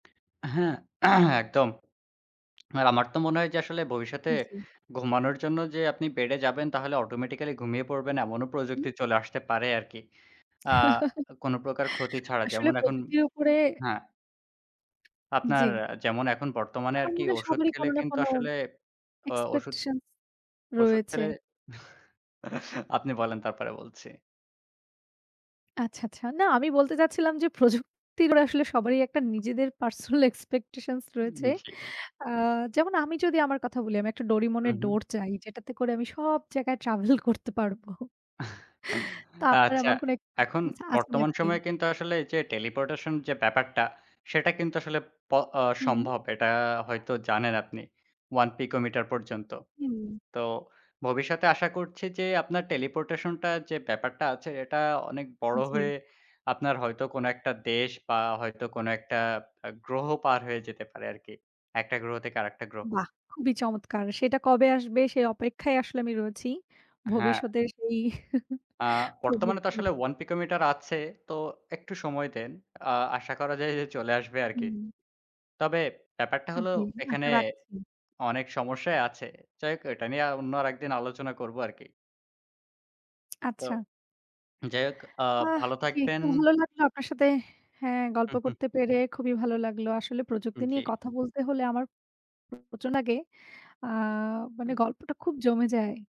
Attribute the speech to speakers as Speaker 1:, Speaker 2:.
Speaker 1: হ্যাঁ, একদম। আর আমার তো মনে হয় যে আসলে ভবিষ্যতে
Speaker 2: উম জ্বী।
Speaker 1: ঘুমানোর জন্য যে আপনি বেড এ যাবেন তাহলে অটোমেটিক্যালি ঘুমিয়ে পড়বেন। এমনও
Speaker 2: হু, হুম।
Speaker 1: প্রযুক্তি চলে আসতে পারে আরকি। আ কোন প্রকার ক্ষতি ছাড়া
Speaker 2: আসলে
Speaker 1: যেমন এখন
Speaker 2: প্রযুক্তির উপরে
Speaker 1: হ্যাঁ। আপনার
Speaker 2: জ্বি।
Speaker 1: যেমন এখন বর্তমানে
Speaker 2: আমার
Speaker 1: আরকি
Speaker 2: মনে হয়
Speaker 1: ওষুধ
Speaker 2: সবারই
Speaker 1: খেলে
Speaker 2: কোনো না
Speaker 1: কিন্তু
Speaker 2: কোনো
Speaker 1: আসলে অ ওষুধ
Speaker 2: এক্সপেকটেশনস
Speaker 1: ওষুধ,
Speaker 2: রয়েছে।
Speaker 1: খেলে আপনি বলেন তারপরে বলছি।
Speaker 2: আচ্ছা, আচ্ছা। না, আমি বলতে চাচ্ছিলাম যে প্রযুক্তির আসলে সবারই একটা নিজেদের পার্সোনাল এক্সপেকটেশনস রয়েছে।
Speaker 1: উম জী।
Speaker 2: আ যেমন আমি যদি আমার কথা বলি আমি একটা Doraemon
Speaker 1: হু,
Speaker 2: এর
Speaker 1: হু।
Speaker 2: ডোর চাই, যেটাতে করে আমি সব জায়গায় ট্রাভেল করতে পারবো। তো আপনার
Speaker 1: আচ্ছা,
Speaker 2: এমন কোনো
Speaker 1: এখন
Speaker 2: এক্সপেকটেশনস আছে
Speaker 1: বর্তমান
Speaker 2: নাকি?
Speaker 1: সময়ে কিন্তু আসলে এই যে teleportation যে ব্যাপারটা সেটা কিন্তু আসলে প অ
Speaker 2: হুম।
Speaker 1: সম্ভব। এটা হয়তো জানেন আপনি, 1 picometre পর্যন্ত।
Speaker 2: হুম।
Speaker 1: তো ভবিষ্যতে আশা করছি যে আপনার teleportation টা যে ব্যাপারটা আছে এটা অনেক বড়
Speaker 2: জ্বি।
Speaker 1: হয়ে আপনার হয়তো কোনো একটা দেশ বা হয়তো কোন একটা আ গ্রহ পার হয়ে যেতে পারে আরকি। একটা গ্রহ থেকে আরেকটা গ্রহ।
Speaker 2: বাহ! খুবই চমৎকার। সেটা কবে আসবে সে অপেক্ষায় আসলে আমি রয়েছি।
Speaker 1: হ্যাঁ।
Speaker 2: ভবিষ্যতের সেই
Speaker 1: আ বর্তমানে তো
Speaker 2: প্রযুক্তির।
Speaker 1: আসলে 1 picometre আছে। তো একটু সময় দেন। আ আশা করা যায় যে চলে আসবে আরকি।
Speaker 2: হুম।
Speaker 1: তবে ব্যাপারটা
Speaker 2: আ
Speaker 1: হলো
Speaker 2: জি,
Speaker 1: এখানে
Speaker 2: আশা রাখছি।
Speaker 1: অনেক সমস্যাই আছে। যাই হোক এটা নিয়ে অন্য আরেকদিন আলোচনা করব আর কি। তো
Speaker 2: আচ্ছা।
Speaker 1: যাই হোক, আ
Speaker 2: আহ!
Speaker 1: ভালো
Speaker 2: জি,
Speaker 1: থাকবেন।
Speaker 2: তো ভালো লাগলো আপনার সাথে হ্যাঁ, গল্প
Speaker 1: হু, হু।
Speaker 2: করতে পেরে খুবই ভালো লাগলো। আসলে
Speaker 1: উম
Speaker 2: প্রযুক্তি
Speaker 1: জি।
Speaker 2: নিয়ে কথা বলতে হলে আমার [unintelligible] আগে আ মানে
Speaker 1: হুম।
Speaker 2: গল্পটা খুব জমে যায়।